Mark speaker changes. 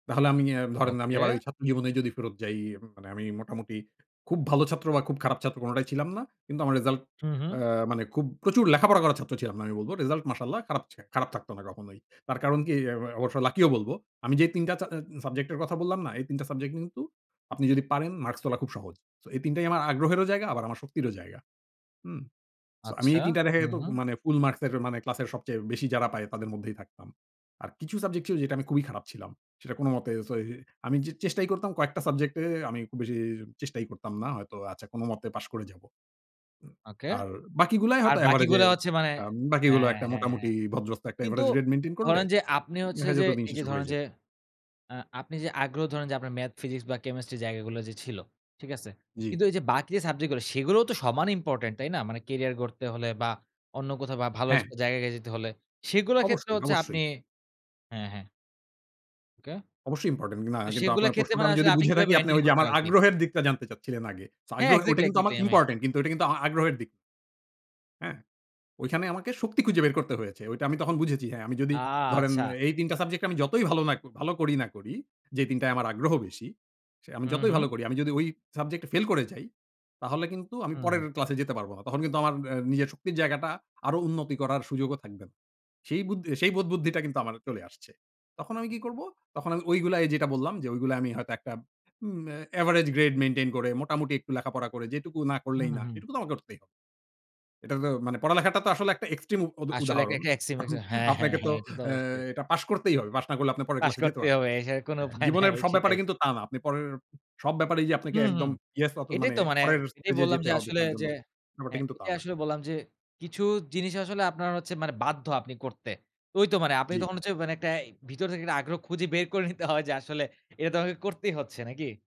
Speaker 1: তাহলে আমি অ্যা ধরেন আমি
Speaker 2: ওকে।
Speaker 1: আবার ঐ ছাত্র জীবনেই যদি ফেরত যাই, এম মানে আমি মোটামুটি খুব ভালো ছাত্র বা খুব খারাপ ছাত্র কোনটাই ছিলাম না। কিন্তু আমার রেজাল্ট
Speaker 2: হুম, হুম।
Speaker 1: অ্যা মানে খুব প্রচুর লেখাপড়া করার ছাত্র ছিলাম না আমি বলব। রেজাল্ট মাশাল্লাহ খারাপ ছে খারাপ থাকতো না কখনোই। তার কারণ কি? অ্যা ও অবশ্য লাকিও বলবো। আমি যে ৩ টা চা অ্যা সাবজেক্ট এর কথা বললাম না? এই ৩ টা সাবজেক্ট কিন্তু আপনি যদি পারেন মার্কস তোলা খুব সহজ। সো এই ৩ টাই আমার আগ্রহেরও জায়গা আমার শক্তিরও জায়গা। হুম। সো আমি
Speaker 2: আচ্ছা
Speaker 1: এই ৩ টা দেখা
Speaker 2: হুম,
Speaker 1: যেতো
Speaker 2: হুম।
Speaker 1: মানে ফুল মার্কসের মানে ক্লাসের সবচেয়ে বেশি যারা পায় তাদের মধ্যেই থাকতাম। আর কিছু সাবজেক্ট ছিল যেটা আমি খুবই খারাপ ছিলাম। সেটা কোনমতে সো এই আমি চে চেষ্টাই করতাম কয়েকটা সাবজেক্টে এ এ আমি খুব বেশি চেষ্টাই করতাম না। হয়তো আচ্ছা কোনো মতে পাশ করে যাবো।
Speaker 2: ওকে।
Speaker 1: আর বাকিগুলোয়
Speaker 2: আর
Speaker 1: হয়তো এভারেজে
Speaker 2: বাকিগুলো হচ্ছে মানে
Speaker 1: একটা বাকিগুলো
Speaker 2: হ্যাঁ,
Speaker 1: একটা
Speaker 2: হ্যাঁ,
Speaker 1: মোটামুটি
Speaker 2: হ্যাঁ।
Speaker 1: ভদ্রস্ত একটা
Speaker 2: কিন্তু,
Speaker 1: এভারেজ রেট মেইনটেইন করলে
Speaker 2: ধরেন যে আপনি
Speaker 1: দ
Speaker 2: হচ্ছে
Speaker 1: দেখা
Speaker 2: যে
Speaker 1: যেতো দিন শেষ
Speaker 2: এইযে ধরেন
Speaker 1: হয়ে যেতো।
Speaker 2: যে, অ্যা আপনি যে আগ্রহ ধরেন যে আপনার ম্যাথ ফিজিক্স বা কেমিস্ট্রি জায়গাগুলো যে ছিল, ঠিক আছে?
Speaker 1: জি।
Speaker 2: কিন্তু এই যে বাকি যে সাবজেক্টগুলো সেগুলোও তো সমান ইম্পোর্টেন্ট, তাই না? মানে কেরিয়ার গড়তে হলে বা অন্য কোথাও বা ভালো এচ
Speaker 1: হ্যাঁ।
Speaker 2: জায়গায় যেতে হলে, সেগুলোর ক্ষেত্রে
Speaker 1: অবশ্যই,
Speaker 2: হচ্ছে আপনি
Speaker 1: অবশ্যই।
Speaker 2: হ্যাঁ, হ্যাঁ। ওকে।
Speaker 1: অবশ্যই ইম্পোর্টেন্ট। কিন না
Speaker 2: তো
Speaker 1: কিন্তু
Speaker 2: সেগুলোর
Speaker 1: আপনার
Speaker 2: ক্ষেত্রে
Speaker 1: প্রশ্নটা
Speaker 2: মানে
Speaker 1: আমি যদি
Speaker 2: আসলে আপনি
Speaker 1: বুঝে
Speaker 2: কিভাবে
Speaker 1: থাকি আপনি
Speaker 2: মেইনটেইন
Speaker 1: ঐযে
Speaker 2: করতেন
Speaker 1: আমার
Speaker 2: আরকি?
Speaker 1: আগ্রহের দিকটা জানতে চাচ্ছিলেন আগে। সো
Speaker 2: হ্যাঁ
Speaker 1: আগ্রহে ঐটা
Speaker 2: এক্সাক্টলি,
Speaker 1: কিন্তু আমার
Speaker 2: এক্সাক্টলি, আমি
Speaker 1: ইম্পোর্টেন্ট কিন্তু ঐটা কিন্তু আ আগ্রহের দিক। হ্যাঁ? ঐখানে আমাকে শক্তি খুঁজে বের করতে হয়েছে, ঐটা আমি তখন বুঝেছি। হ্যাঁ, আমি যদি
Speaker 2: আ
Speaker 1: ধরেন
Speaker 2: আচ্ছা।
Speaker 1: এ এই ৩ টা সাবজেক্টে আমি যতই ভালো না ভালো করি না করি, যে ৩ টায় আমার আগ্রহ বেশি, সে আমি
Speaker 2: হুম,
Speaker 1: যতই
Speaker 2: হুম।
Speaker 1: ভালো করি আমি যদি ঐ সাবজেক্টে ফেল করে যাই, তাহলে কিন্তু আমি
Speaker 2: হুম,
Speaker 1: পরের
Speaker 2: হুম।
Speaker 1: ক্লাসে যেতে পারব না। তখন কিন্তু আমার অ্যা নিজের শক্তির জায়গাটা আরো উন্নতি করার সুযোগও থাকবে না। সেই বুদ সেই বোধবুদ্ধিটা কিন্তু আমার চলে আসছে। তখন আমি কি করবো? তখন আমি ঐগুলায় এই যেটা বললাম যে ঐগুলোয় আমি হয়তো একটা উম এ এভারেজ গ্রেড মেইনটেইন করে মোটামুটি একটু লেখাপড়া করে যেটুকু না
Speaker 2: হুম
Speaker 1: করলেই
Speaker 2: ,হুম,
Speaker 1: না
Speaker 2: হুম।
Speaker 1: সেটুকু তো আমাকে করতেই এটা তো মানে পড়ালেখাটা তো আসলে একটা এক্সট্রিম উদ
Speaker 2: আসলে এক
Speaker 1: উদাহরণ।
Speaker 2: একটা এক্সট্রিম
Speaker 1: এখন
Speaker 2: এটা হ্যাঁ, হ্যাঁ,
Speaker 1: আপনাকে তো
Speaker 2: হ্যাঁ, এটা তো
Speaker 1: অ্যা
Speaker 2: অবশ্যই।
Speaker 1: এটা পাশ করতেই হবে। পাস না করলে আপনি পরের
Speaker 2: পাস
Speaker 1: ক্লাসে যেতে
Speaker 2: করতেই
Speaker 1: পারবেন না।
Speaker 2: হবে। এছাড়া কোনো
Speaker 1: হ্যাঁ,
Speaker 2: উপায়
Speaker 1: জীবনের
Speaker 2: নাই,
Speaker 1: সব ব্যাপারে
Speaker 2: সেটাই।
Speaker 1: কিন্তু তা না। আপনি পরের সব ব্যাপারেই যে আপনাকে
Speaker 2: হুম, হুম,
Speaker 1: একদম ইয়েস অত
Speaker 2: এটাই
Speaker 1: মানে
Speaker 2: তো মানে
Speaker 1: পরের
Speaker 2: এটাই
Speaker 1: স্টেজে
Speaker 2: বললাম
Speaker 1: যেতে
Speaker 2: যে
Speaker 1: হবে
Speaker 2: আসলে
Speaker 1: তার জন্য।
Speaker 2: যে
Speaker 1: ব্যাপারটা
Speaker 2: হ্যাঁ
Speaker 1: কিন্তু তা
Speaker 2: এটাই
Speaker 1: না।
Speaker 2: আসলে বললাম যে, কিছু জিনিস আসলে আপনার হচ্ছে মানে বাধ্য আপনি করতে। তো ঐ তো মানে আপনি
Speaker 1: জি।
Speaker 2: তখন হচ্ছে মানে একটা ভিতর থেকে একটা আগ্রহ খুঁজে বের করে নিতে হয় যে আসলে এইটা তো আমাকে করতেই হচ্ছে, নাকি?